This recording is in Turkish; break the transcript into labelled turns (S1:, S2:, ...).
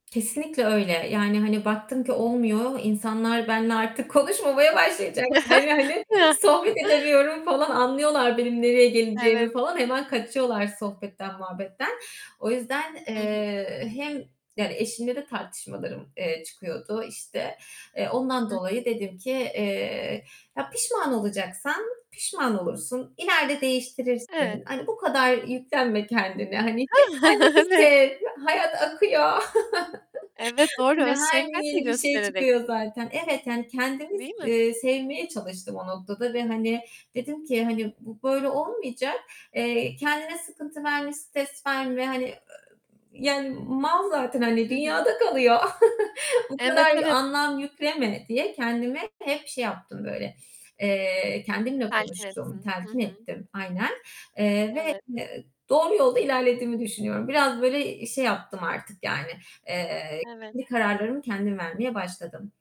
S1: Kesinlikle öyle. Yani, hani, baktım ki olmuyor, insanlar benle artık konuşmamaya başlayacaklar yani. Sohbet edemiyorum falan, anlıyorlar benim nereye geleceğimi
S2: Evet.
S1: falan. Hemen kaçıyorlar sohbetten, muhabbetten. O yüzden,
S2: Hı hı.
S1: eee, hem, yani, eşimle de tartışmalarım, eee, çıkıyordu işte. Eee, ondan
S2: Hı
S1: dolayı
S2: hı.
S1: dedim ki "Eee, ya, pişman olacaksan pişman olursun, ileride
S2: [unintelligible]
S1: değiştirirsin. Hani bu kadar yüklenme kendine. Hani tek kendini
S2: Evet.
S1: sev. Hayat akıyor."
S2: Evet, doğru.
S1: Hani
S2: Öz
S1: her gün
S2: şefkat mi
S1: yeni bir şey
S2: göstererek?
S1: çıkıyor zaten. Evet, yani kendimiz
S2: Değil mi?
S1: eee, sevmeye çalıştım o noktada ve, hani, dedim ki, hani, bu böyle
S2: [unintelligible]
S1: olmayacak. Eee, kendine sıkıntı verme, stres verme. Hani, [unintelligible] yani mal zaten, hani,
S2: Hı hı.
S1: dünyada kalıyor. Bu
S2: Evet,
S1: kadar
S2: evet.
S1: anlam yükleme diye kendime hep şey yaptım böyle, eee, kendimle
S2: Telkin
S1: konuştum,
S2: etsin. Hı
S1: telkin
S2: hı.
S1: ettim. Aynen. Eee, ve,
S2: Evet.
S1: eee, doğru yolda ilerlediğimi düşünüyorum. Biraz böyle, iii, şey yaptım artık yani, eee,
S2: Evet.
S1: kendi kararlarımı kendim vermeye başladım.